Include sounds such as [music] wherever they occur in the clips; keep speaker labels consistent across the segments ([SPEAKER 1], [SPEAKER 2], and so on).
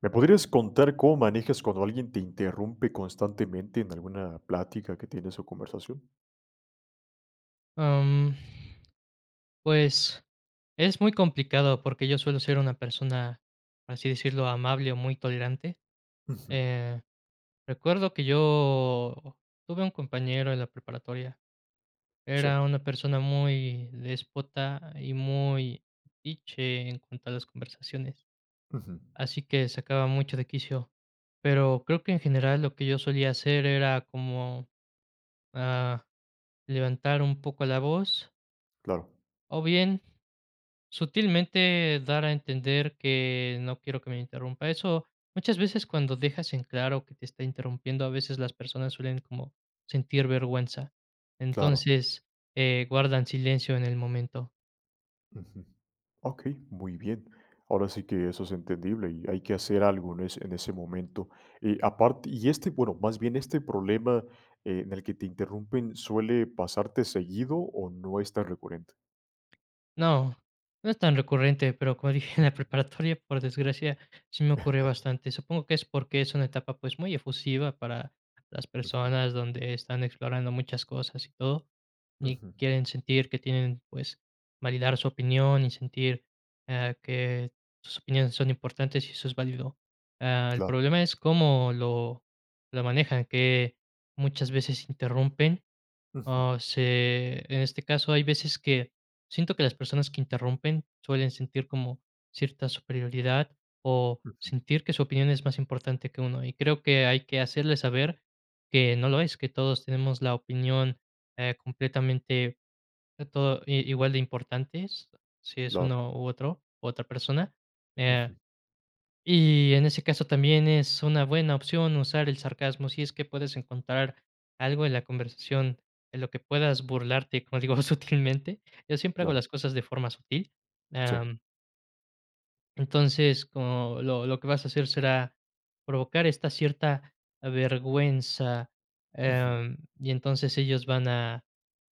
[SPEAKER 1] ¿Me podrías contar cómo manejas cuando alguien te interrumpe constantemente en alguna plática que tiene su conversación?
[SPEAKER 2] Am, pues, es muy complicado porque yo suelo ser una persona, por así decirlo, amable o muy tolerante.
[SPEAKER 1] Ujú.
[SPEAKER 2] Eh, recuerdo que yo tuve un compañero en la preparatoria,
[SPEAKER 1] Sí.
[SPEAKER 2] era una persona muy déspota, y muy metiche en cuanto a las conversaciones,
[SPEAKER 1] Ujú.
[SPEAKER 2] así que sacaba mucho de quicio, pero creo que en general lo que yo solía hacer era como, ah, levantar un poco la voz
[SPEAKER 1] Claro.
[SPEAKER 2] o bien, sutilmente dar a entender que no quiero que me interrumpa. Eso muchas veces cuando dejas en claro que te está interrumpiendo, a veces las personas suelen como sentir vergüenza.
[SPEAKER 1] Claro.
[SPEAKER 2] Entonces, eh, guardan silencio en el momento.
[SPEAKER 1] Ujú, okey, muy bien. Ahora sí que eso es entendible, y hay que hacer algo en ese en ese momento. Eh, aparte y este bueno, más bien este problema en el que te interrumpen, ¿suele pasarte seguido, o no es tan recurrente?
[SPEAKER 2] No, no es tan recurrente, pero como dije, en la preparatoria, por desgracia, sí me ocurrió
[SPEAKER 1] [chuckles]
[SPEAKER 2] bastante. Supongo que es porque es una etapa, pues, muy efusiva para las
[SPEAKER 1] Ujú.
[SPEAKER 2] personas donde están explorando muchas cosas y todo, y
[SPEAKER 1] Ujú.
[SPEAKER 2] quieren sentir que tienen, pues, validar su opinión y sentir, ah, que sus opiniones son importantes y eso es válido. Ah, el
[SPEAKER 1] Claro.
[SPEAKER 2] problema es cómo lo lo manejan, que muchas veces interrumpen,
[SPEAKER 1] Ujú.
[SPEAKER 2] ah, se en este caso hay veces que siento que las personas que interrumpen suelen sentir como cierta superioridad, o
[SPEAKER 1] Ujú.
[SPEAKER 2] sentir que su opinión es más importante que uno, y creo que hay que hacerle saber que no lo es, que todos tenemos la opinión, eh, completamente, que todo i igual de importantes, si es
[SPEAKER 1] Claro.
[SPEAKER 2] uno u otro, otra persona. Eh,
[SPEAKER 1] Ujú.
[SPEAKER 2] y en ese caso también es una buena opción usar el sarcasmo, si es que puedes encontrar algo en la conversación, en lo que puedas burlarte, como digo, sutilmente. Yo siempre hago
[SPEAKER 1] Claro.
[SPEAKER 2] las cosas de forma sutil,
[SPEAKER 1] Sí.
[SPEAKER 2] am Entonces, como lo lo que vas a hacer será provocar esta cierta vergüenza,
[SPEAKER 1] Ujú
[SPEAKER 2] em, y entonces ellos van a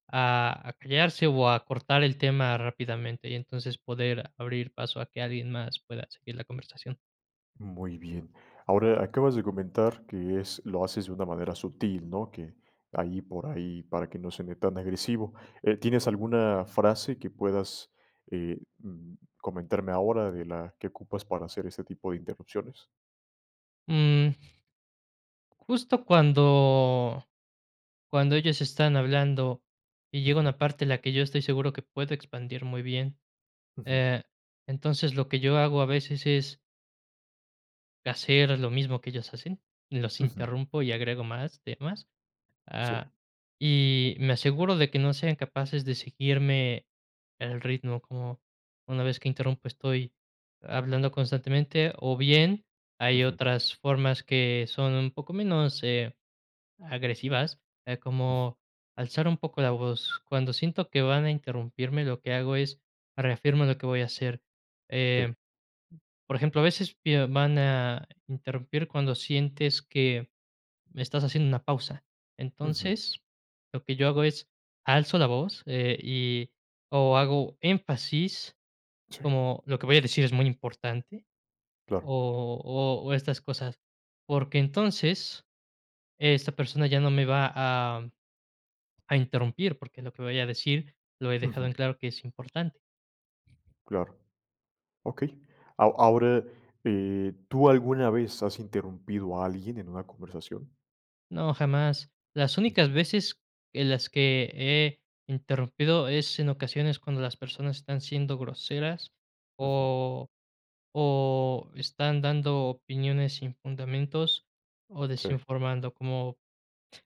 [SPEAKER 2] a a callarse, o a cortar el tema rápidamente. Y entonces poder abrir paso a que alguien más pueda seguir la conversación.
[SPEAKER 1] Muy bien, ahora, acabas de comentar que es lo haces de una manera sutil, ¿no?, que ahí por ahí, para que no suene tan agresivo, eh, ¿tienes alguna frase que puedas, eh, mm, comentarme ahora de la que ocupas para hacer este tipo de interrupciones?
[SPEAKER 2] Mm. Justo cuando cuando ellos están hablando, y llega
[SPEAKER 1] Ujú.
[SPEAKER 2] una parte, la que yo estoy seguro que puedo expandir muy bien,
[SPEAKER 1] Ujú
[SPEAKER 2] eh, entonces lo que yo hago a veces es hacer a lo mismo que ellas hacen, los
[SPEAKER 1] Ujú
[SPEAKER 2] interrumpo y agrego más temas.
[SPEAKER 1] Sí.
[SPEAKER 2] Ah, y me aseguro de que no sean capaces de seguirme el ritmo. Como una vez que interrumpo estoy hablando constantemente, o bien, hay
[SPEAKER 1] Ujú
[SPEAKER 2] otras formas que son un poco menos, eh, agresivas, eh,
[SPEAKER 1] Mm.
[SPEAKER 2] como alzar un poco la voz, cuando siento que van a interrumpirme, lo que hago es, reafirmo lo que voy a hacer,
[SPEAKER 1] Sí.
[SPEAKER 2] eh, por ejemplo, a veces [unintelligible] van a interrumpir cuando sientes que, me estás haciendo una pausa.
[SPEAKER 1] Ujú
[SPEAKER 2] Entonces, lo que yo hago es, alzo la voz, eh, y o hago énfasis,
[SPEAKER 1] Sí.
[SPEAKER 2] como lo que voy a decir es muy importante,
[SPEAKER 1] Claro.
[SPEAKER 2] o o o estas cosas, porque entonces, esta persona ya no me va a a interrumpir, porque lo que voy a decir lo he dejado
[SPEAKER 1] Ujú.
[SPEAKER 2] en claro que es importante.
[SPEAKER 1] Claro, okey, aho ahora, eh, ¿tú alguna vez has interrumpido a alguien en una conversación?
[SPEAKER 2] No, jamás. Las
[SPEAKER 1] Sí,
[SPEAKER 2] únicas
[SPEAKER 1] sí.
[SPEAKER 2] veces en las que he interrumpido es, en ocasiones, cuando las personas están siendo groseras,
[SPEAKER 1] Ujú.
[SPEAKER 2] o o están dando opiniones sin fundamentos, o
[SPEAKER 1] Sí.
[SPEAKER 2] desinformando, como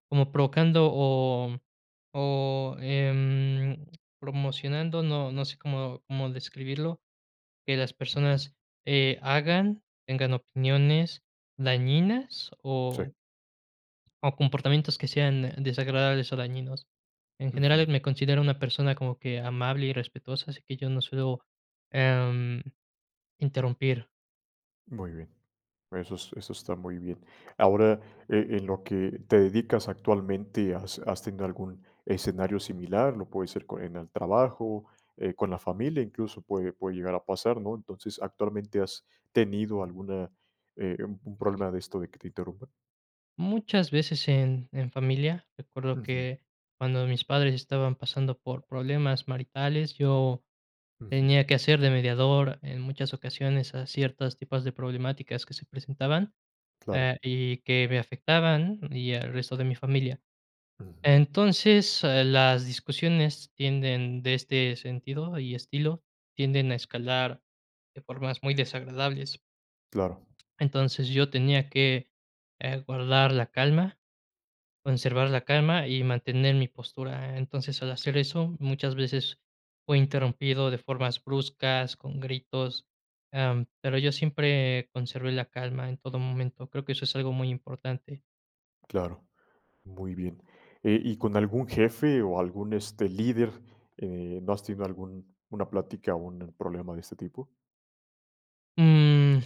[SPEAKER 2] como provocando, o o em, promocionando, no no sé cómo cómo describirlo, que las
[SPEAKER 1] Ujú.
[SPEAKER 2] personas, eh, hagan, tengan opiniones dañinas o
[SPEAKER 1] Sí.
[SPEAKER 2] o comportamientos que sean desagradables o dañinos. En general,
[SPEAKER 1] Ujú.
[SPEAKER 2] me considero una persona como que amable y respetuosa, así que yo no suelo, am, interrumpir.
[SPEAKER 1] Muy bien. Eso es eso está muy bien. Ahora, e en lo que te dedicas actualmente, ¿has has tenido algún escenario similar? Lo puede ser con en el trabajo, eh, con la familia, incluso puede puede llegar a pasar, ¿no?, entonces, ¿actualmente has tenido alguna, eh un un problema de esto de que te interrumpan?
[SPEAKER 2] Muchas veces en en familia, recuerdo
[SPEAKER 1] Ujú.
[SPEAKER 2] que cuando mis padres estaban pasando por problemas maritales, yo
[SPEAKER 1] Ujú.
[SPEAKER 2] tenía que hacer de mediador en muchas ocasiones a ciertas tipos de problemáticas que se presentaban,
[SPEAKER 1] Claro.
[SPEAKER 2] eh, y que me afectaban, y al resto de mi familia.
[SPEAKER 1] Ujú.
[SPEAKER 2] Entonces, ah, las discusiones tienden de este sentido y estilo, tienden a escalar de formas muy desagradables.
[SPEAKER 1] Claro.
[SPEAKER 2] Entonces, yo tenía que, eh, guardar la calma, conservar la calma y mantener mi postura. Entonces, al hacer eso, muchas veces fui interrumpido de formas bruscas, con gritos, am, pero yo siempre conservé la calma en todo momento, creo que eso es algo muy importante.
[SPEAKER 1] Claro, muy bien. Eh, y con algún jefe o algún, este, líder, eh, ¿no has tenido algún una plática o un problema de este tipo?
[SPEAKER 2] Mm,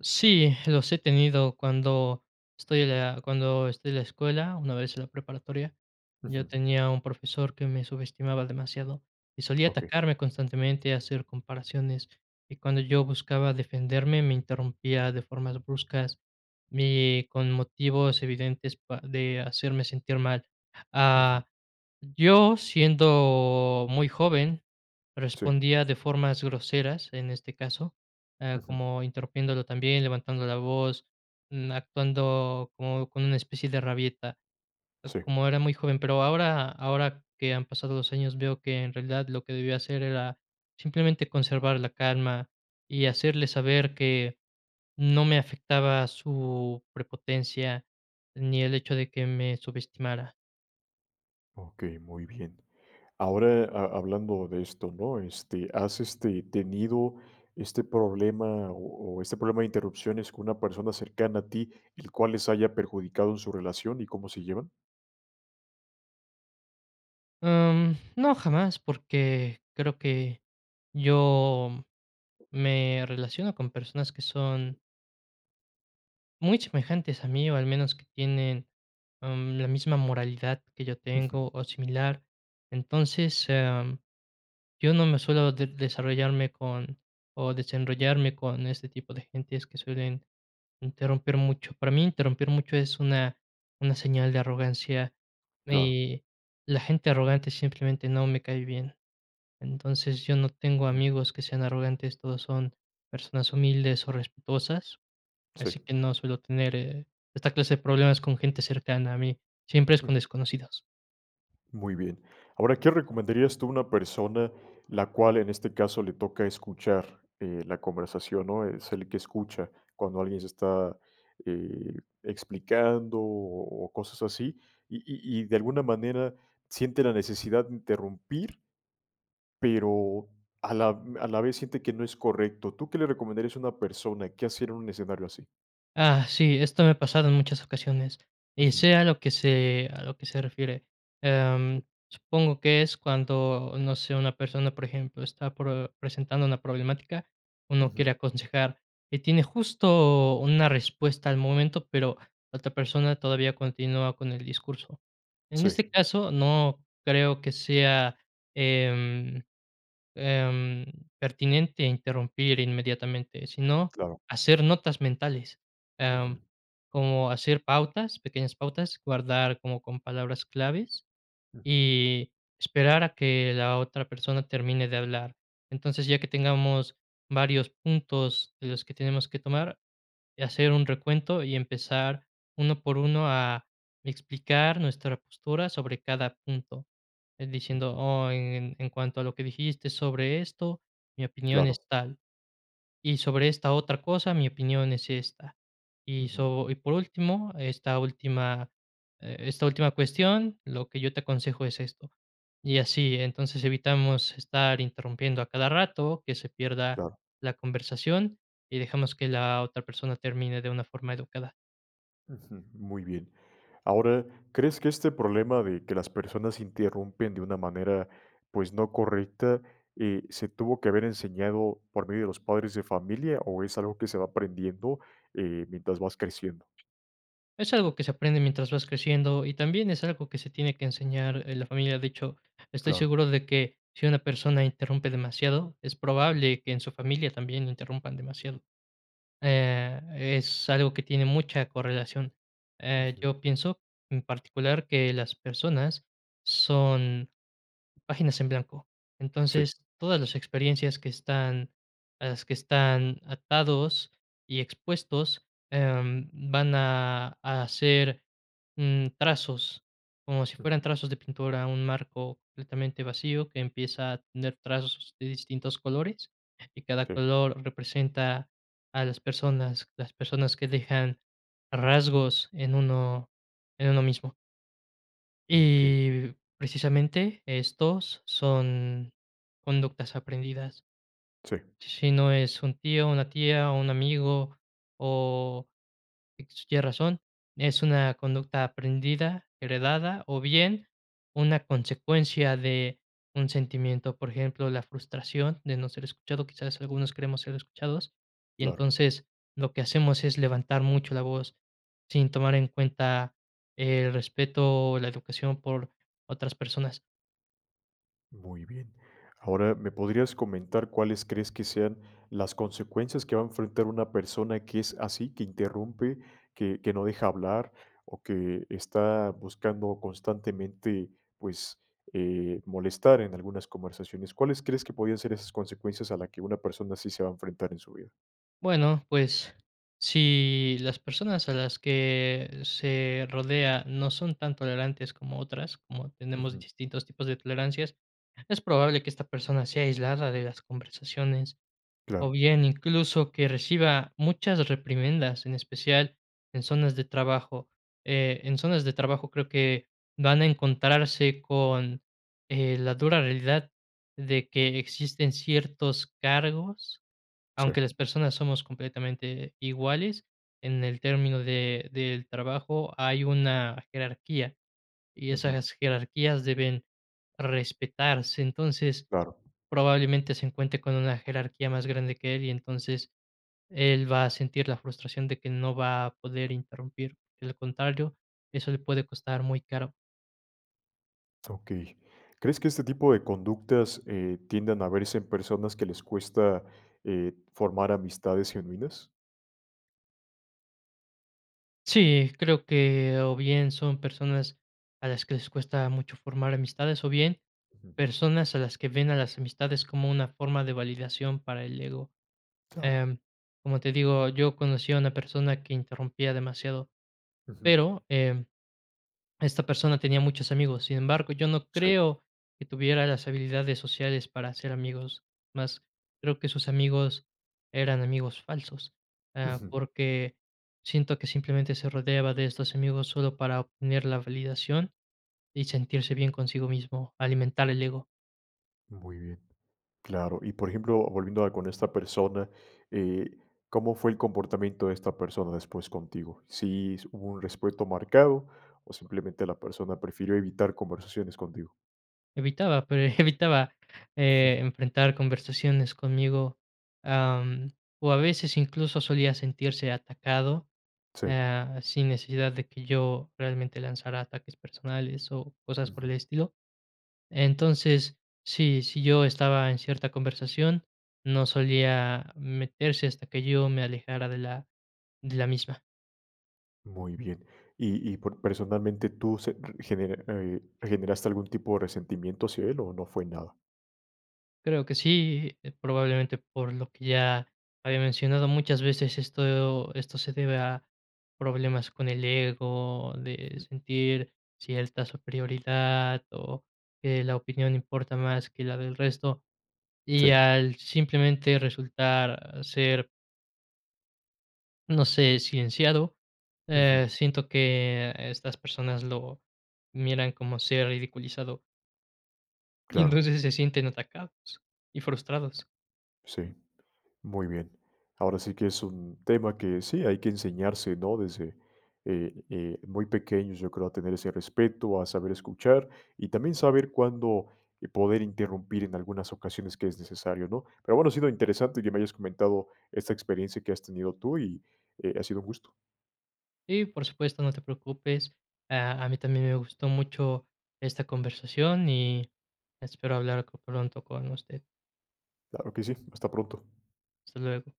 [SPEAKER 2] sí, los he tenido cuando estoy en la cuando estoy en la escuela, una vez en la preparatoria. Yo
[SPEAKER 1] Ujú.
[SPEAKER 2] tenía un profesor que me subestimaba demasiado, y solía
[SPEAKER 1] Okey.
[SPEAKER 2] atacarme constantemente, hacer comparaciones, y cuando yo buscaba defenderme me interrumpía de formas bruscas, y con motivos evidentes pa de hacerme sentir mal.
[SPEAKER 1] Ujú.
[SPEAKER 2] Ah, yo, siendo muy joven,
[SPEAKER 1] Sí.
[SPEAKER 2] respondía de formas groseras, en este caso, ah,
[SPEAKER 1] Ujú.
[SPEAKER 2] como interrumpiéndolo también, levantando la voz, mm, actuando como con una especie de rabieta,
[SPEAKER 1] Sí.
[SPEAKER 2] como era muy joven, pero ahora ahora que han pasado los años veo que en realidad lo que debía hacer era simplemente conservar la calma, y hacerle saber que no me afectaba su prepotencia, ni el hecho de que me subestimara.
[SPEAKER 1] Okey, muy bien. Ahora ha hablando de esto, ¿no?, este, ¿has, este, tenido este problema o o este problema de interrupciones con una persona cercana a ti, el cual les haya perjudicado en su relación? y ¿cómo se llevan?
[SPEAKER 2] Am, no, jamás, porque creo que yo me relaciono con personas que son muy semejantes a mí, o al menos que tienen, am, la misma moralidad que yo
[SPEAKER 1] Ujú.
[SPEAKER 2] tengo, o similar. Entonces, am, yo no me suelo de desarrollarme con o desenrollarme con este tipo de gentes que suelen interrumpir mucho. Para mí, interrumpir mucho es una una señal de arrogancia,
[SPEAKER 1] Claro.
[SPEAKER 2] y la gente arrogante simplemente no me cae bien. Entonces, yo no tengo
[SPEAKER 1] Ujú
[SPEAKER 2] amigos que sean arrogantes, todos son personas humildes o respetuosas,
[SPEAKER 1] Sí.
[SPEAKER 2] así que no suelo tener, eh, esta clase de problemas con gente cercana a mí, siempre es
[SPEAKER 1] Ujú.
[SPEAKER 2] con desconocidos.
[SPEAKER 1] Muy bien. Ahora, ¿qué recomendarías tú a una persona la cual, en este caso, le toca escuchar, eh, la conversación?, ¿no?, es el que escucha cuando alguien se está, eh, explicando o o cosas así, y y y de alguna manera siente la necesidad de interrumpir pero a la v a la vez siente que no es correcto. ¿Tú qué le recomendarías a una persona?, ¿qué hacer en un escenario así?
[SPEAKER 2] Ah, sí, esto me ha pasado en muchas ocasiones, eh,
[SPEAKER 1] Ujú.
[SPEAKER 2] sé a lo que sé a lo que se refiere.
[SPEAKER 1] Sí.
[SPEAKER 2] Em, supongo que es cuando, no sé, una persona, por ejemplo, está pro presentando una problemática, uno quiere
[SPEAKER 1] Ujú.
[SPEAKER 2] aconsejar, y tiene justo una respuesta al momento, pero la otra persona todavía continúa con el discurso. En
[SPEAKER 1] Sí.
[SPEAKER 2] este caso, no creo que sea, em em, pertinente interrumpir inmediatamente, sino
[SPEAKER 1] Claro.
[SPEAKER 2] hacer notas mentales, am,
[SPEAKER 1] Ujú.
[SPEAKER 2] como hacer pautas, pequeñas pautas, guardar como con palabras claves,
[SPEAKER 1] Ujú.
[SPEAKER 2] y esperar a que la otra persona termine de hablar. Entonces, ya que tengamos varios puntos de los que tenemos que tomar, hacer un recuento y empezar 1 por 1 a explicar nuestra postura sobre cada punto. En diciendo:
[SPEAKER 1] Ujú.
[SPEAKER 2] "Oh, en cuanto a lo que dijiste sobre esto, mi opinión es
[SPEAKER 1] Claro.
[SPEAKER 2] tal, y sobre esta otra cosa, mi opinión es esta y
[SPEAKER 1] Ujú.
[SPEAKER 2] so, y por último, esta última, eh esta última, cuestión, lo que yo te aconsejo es esto", y así, entonces evitamos estar interrumpiendo a cada rato, que se pierda
[SPEAKER 1] Claro.
[SPEAKER 2] la conversación, y dejamos que la otra persona termine de una forma educada.
[SPEAKER 1] Ujú. Muy bien. Ahora, ¿crees que este problema de que las personas interrumpen de una manera, pues, no correcta, eh, se tuvo que haber enseñado por medio de los padres de familia o es algo que se va aprendiendo, eh, mientras vas creciendo?
[SPEAKER 2] Es algo que se aprende mientras vas creciendo, y también es algo que se tiene que enseñar en la familia. De hecho, estoy
[SPEAKER 1] Claro.
[SPEAKER 2] seguro de que si una persona interrumpe demasiado, es probable que en su familia también la interrumpan demasiado, eh, es algo que tiene mucha correlación. Eh,
[SPEAKER 1] Ujú.
[SPEAKER 2] yo pienso en particular que las personas son páginas en blanco.
[SPEAKER 1] Sí.
[SPEAKER 2] Entonces, todas las experiencias que están las que están atados y expuestos, em, van a, a hacer, mm, trazos, como si fueran
[SPEAKER 1] Ujú.
[SPEAKER 2] trazos de pintura, un marco completamente vacío, que empieza a tener trazos de distintos colores, y cada
[SPEAKER 1] Sí.
[SPEAKER 2] color representa a las personas, las personas que dejan rasgos en uno en uno mismo.
[SPEAKER 1] Okey.
[SPEAKER 2] Y, precisamente, estos son conductas aprendidas.
[SPEAKER 1] Sí.
[SPEAKER 2] Si no es un tío, una tía, o un amigo, o tiene razón, es una conducta aprendida, heredada, o bien una consecuencia de un sentimiento, por ejemplo, la frustración de no ser escuchado, quizás algunos queremos ser escuchados, y
[SPEAKER 1] Claro.
[SPEAKER 2] entonces, lo que hacemos es levantar mucho la voz sin tomar en cuenta el respeto, o la educación por otras personas.
[SPEAKER 1] Muy bien, ahora, ¿me podrías comentar, cuáles crees que sean las consecuencias que va a enfrentar una persona que es así, que interrumpe, que que no deja hablar, o que está buscando constantemente, pues, eh, molestar en algunas conversaciones?, ¿cuáles crees que podrían ser esas consecuencias a la que una persona sí se va a enfrentar en su vida?
[SPEAKER 2] Bueno, pues, si las personas a las que se rodea no son tan tolerantes como otras, como tenemos
[SPEAKER 1] Ujú.
[SPEAKER 2] distintos tipos de tolerancias, es probable que esta persona sea aislada de las conversaciones. O
[SPEAKER 1] Claro.
[SPEAKER 2] bien, incluso que reciba muchas reprimendas, en especial en zonas de trabajo. Eh, en zonas de trabajo, creo que, van a encontrarse con, eh, la dura realidad de que existen ciertos cargos,
[SPEAKER 1] Sí.
[SPEAKER 2] aunque las personas somos completamente iguales, en el término de del trabajo hay una jerarquía, y
[SPEAKER 1] Ujú.
[SPEAKER 2] esas jerarquías deben respetarse. Entonces,
[SPEAKER 1] Claro.
[SPEAKER 2] probablemente se encuentre con una jerarquía más grande que él, y entonces él va a sentir la frustración de que no va a poder interrumpir, de lo contrario, eso le puede costar muy caro.
[SPEAKER 1] Okey. ¿Crees que este tipo de conductas, eh, tiendan a verse en personas que les cuesta, eh, formar amistades genuinas?
[SPEAKER 2] Sí, creo que, o bien, son personas a las que les cuesta mucho formar amistades, o bien,
[SPEAKER 1] Ujú.
[SPEAKER 2] personas a las que ven a las amistades como una forma de validación para el ego.
[SPEAKER 1] Claro.
[SPEAKER 2] Em, como te digo, yo conocí a una persona que interrumpía demasiado,
[SPEAKER 1] Ujú.
[SPEAKER 2] pero, em, esta persona tenía muchos amigos. Sin embargo, yo no
[SPEAKER 1] Si.
[SPEAKER 2] creo que tuviera las habilidades sociales para hacer amigos, más creo que sus amigos eran amigos falsos. Eh,
[SPEAKER 1] Ujú.
[SPEAKER 2] porque siento que simplemente se rodeaba de estos amigos solo para obtener la validación y sentirse bien consigo mismo, alimentar el ego.
[SPEAKER 1] Muy bien, claro. Y, por ejemplo, volviendo a con esta persona, eh, ¿cómo fue el comportamiento de esta persona después contigo? ¿Si s hubo un respeto marcado, o simplemente la persona prefirió evitar conversaciones contigo?
[SPEAKER 2] Evitaba, pero evitaba,
[SPEAKER 1] [chuckles]
[SPEAKER 2] eh, enfrentar conversaciones conmigo, am, o a veces, incluso, solía sentirse atacado,
[SPEAKER 1] Sí.
[SPEAKER 2] ah, sin necesidad de que yo realmente lanzara ataques personales o cosas por el
[SPEAKER 1] Ujú.
[SPEAKER 2] estilo. Entonces, sí, si yo estaba en cierta conversación, no solía meterse hasta que yo me alejara de la de la misma.
[SPEAKER 1] Muy bien. Y y por personalmente tú se r genera eh, ¿re generaste algún tipo de resentimiento hacia él o no fue nada?
[SPEAKER 2] Creo que sí, eh, probablemente por lo que ya había mencionado, muchas veces esto esto se debe a problemas con el ego, de
[SPEAKER 1] Ujú.
[SPEAKER 2] sentir cierta superioridad, o que la opinión importa más que la del resto, y
[SPEAKER 1] Sí.
[SPEAKER 2] al simplemente resultar ser no sé, silenciado,
[SPEAKER 1] Ujú.
[SPEAKER 2] eh, siento que estas personas lo miran como ser ridiculizado. Y
[SPEAKER 1] Claro.
[SPEAKER 2] entonces se sienten atacados y frustrados.
[SPEAKER 1] Sí, muy bien. Ahora sí que es un tema que sí, hay que enseñarse, ¿no?, desde, eh, eh, muy pequeños, yo creo, a tener ese respeto, a saber escuchar, y también saber cuándo, eh, poder interrumpir en algunas ocasiones que es necesario, ¿no?, pero bueno, ha sido interesante que me hayas comentado esta experiencia que has tenido tú y, eh, ha sido un gusto.
[SPEAKER 2] Sí, por supuesto, no te preocupes. A a mí también me gustó mucho esta conversación, y espero hablar co pronto con usted.
[SPEAKER 1] Claro que sí, hasta pronto.
[SPEAKER 2] Hasta luego.